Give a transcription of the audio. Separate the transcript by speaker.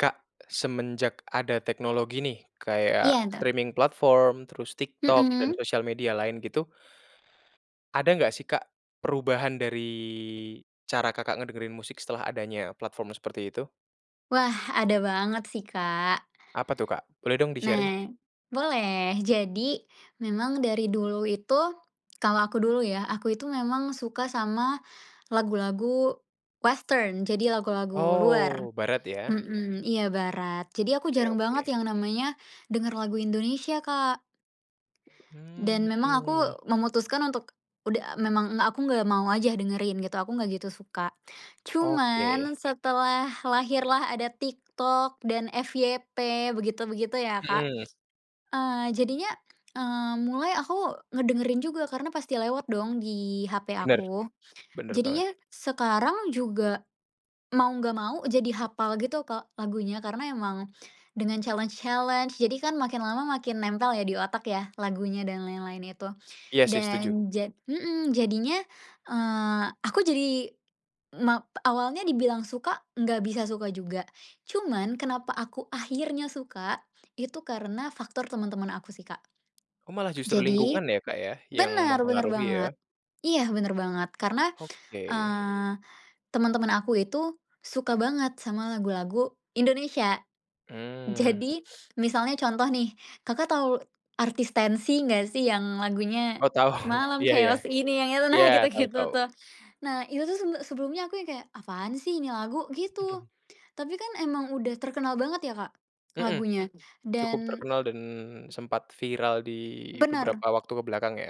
Speaker 1: Kak, semenjak ada teknologi nih kayak
Speaker 2: Iya, betul.
Speaker 1: streaming platform terus TikTok dan
Speaker 2: Mhm.
Speaker 1: sosial media lain gitu, ada enggak sih, Kak, perubahan dari cara kakak ngedengerin musik setelah adanya platform seperti itu?
Speaker 2: Wah ada banget sih, Kak.
Speaker 1: Apa tuh, Kak? Boleh dong di-sharing.
Speaker 2: Nah, boleh. Jadi memang dari dulu itu kalau aku dulu ya, aku itu memang suka sama lagu-lagu western, jadi lagu-lagu luar,
Speaker 1: Oh, barat ya?
Speaker 2: mhm. Iya barat. Jadi aku
Speaker 1: Oke
Speaker 2: jarang
Speaker 1: oke.
Speaker 2: banget yang namanya denger lagu Indonesia, Kak.
Speaker 1: Mmm,
Speaker 2: Dan memang
Speaker 1: mhm.
Speaker 2: aku memutuskan untuk udah memang nggak aku nggak mau aja dengerin gitu, aku nggak gitu suka.
Speaker 1: Oke.
Speaker 2: Cuman setelah lahirlah ada TikTok dan FYP begitu begitu ya, Kak,
Speaker 1: Mhm.
Speaker 2: eee, jadinya, eee, mulai aku ngedengerin juga karena pasti lewat dong di HP
Speaker 1: Bener,
Speaker 2: aku.
Speaker 1: bener banget.
Speaker 2: Jadinya sekarang juga mau nggak mau jadi hapal gitu, Kak, lagunya, karena emang dengan challenge challenge, jadi kan makin lama makin nempel ya di otak ya, lagunya dan lain-lain itu.
Speaker 1: Iya sih, setuju.
Speaker 2: Dan ja mhm, jadinya, eee, aku jadi ma awalnya dibilang suka, nggak bisa suka juga. Cuman kenapa aku akhirnya suka, itu karena faktor teman-teman aku sih, Kak.
Speaker 1: Oh, malah justru
Speaker 2: Jadi
Speaker 1: lingkungan ya, Kak, ya, yang
Speaker 2: bener, bener
Speaker 1: mempengaruhi
Speaker 2: banget.
Speaker 1: ya?
Speaker 2: Iya bener banget karena,
Speaker 1: Oke.
Speaker 2: eee, temen-temen aku itu suka banget sama lagu-lagu Indonesia.
Speaker 1: Mmm, mhm.
Speaker 2: Jadi misalnya contoh nih kakak tau artis Tenxi nggak sih yang lagunya,
Speaker 1: Oh tau,
Speaker 2: "Malam
Speaker 1: iya iya.
Speaker 2: chaos ini" yang itu nah
Speaker 1: Iya,
Speaker 2: gitu
Speaker 1: tau
Speaker 2: gitu
Speaker 1: tau.
Speaker 2: tuh. Nah itu tuh sebele sebelumnya aku yang kayak, "Apaan sih ini lagu?' Gitu,
Speaker 1: Mhm.
Speaker 2: tapi kan emang udah terkenal banget ya, Kak,
Speaker 1: Mhm,
Speaker 2: lagunya
Speaker 1: cukup
Speaker 2: dan,
Speaker 1: terkenal dan
Speaker 2: eee
Speaker 1: sempat viral di
Speaker 2: Bener.
Speaker 1: beberapa waktu ke belakang ya?